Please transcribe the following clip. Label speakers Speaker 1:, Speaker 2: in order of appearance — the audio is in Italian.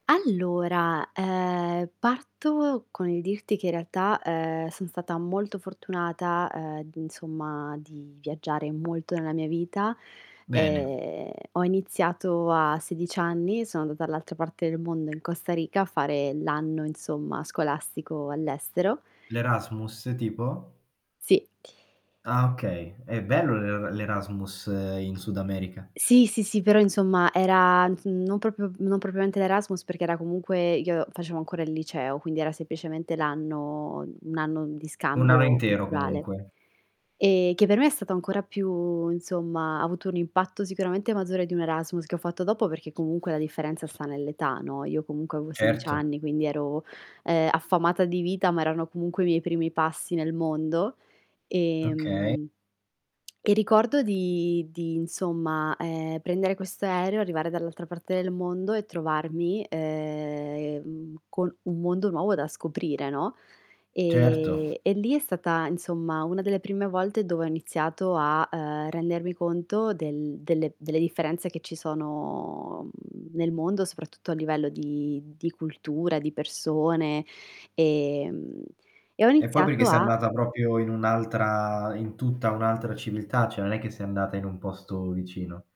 Speaker 1: Allora, ehm parto con il dirti che in realtà, ehm, son stata molto fortunata, ehm, insomma, di viaggiare molto nella mia vita
Speaker 2: Bene.
Speaker 1: e ho iniziato a 16 anni, sono andata dall'altra parte del mondo, in Costa Rica, a fare l'anno, insomma, scolastico all'estero.
Speaker 2: L'Erasmus, tipo?
Speaker 1: Sì.
Speaker 2: Ah okay, è bello l'Er l'Erasmus in Sud America.
Speaker 1: Sì, sì, sì, però insomma era, mhmm, s non proprio non propriamente l'Erasmus perché era comunque io facevo ancora il liceo quindi era semplicemente l' anno, mhmm, un anno di
Speaker 2: Un anno
Speaker 1: scambio
Speaker 2: intero
Speaker 1: culturale,
Speaker 2: comunque.
Speaker 1: e che per me è stato ancora più insomma, ha avuto un impatto sicuramente maggiore di un Erasmus, che ho fatto dopo, perché comunque la differenza sta nell'età, no. Io comunque avevo 16
Speaker 2: Certo.
Speaker 1: anni quindi ero, ehm, affamata di vita ma erano comunque i miei primi passi nel mondo,
Speaker 2: Okay.
Speaker 1: ehm, e ricordo di di, insomma, ehm, prendere questo aereo, arrivare dall'altra parte del mondo e trovarmi, ehm, col un mondo nuovo da scoprire, no.
Speaker 2: Certo.
Speaker 1: E e lì è stata, insomma, una delle prime volte dove ho iniziato a, ehm, rendermi conto del delle delle differenze che ci sono, mhmm, nel mondo, soprattutto a livello di di cultura, di persone, ehm, e ho
Speaker 2: E poi perché
Speaker 1: iniziato
Speaker 2: sei
Speaker 1: a
Speaker 2: andata proprio in un'altra in tutta un'altra civiltà, cioè non è che sei andata in un posto vicino.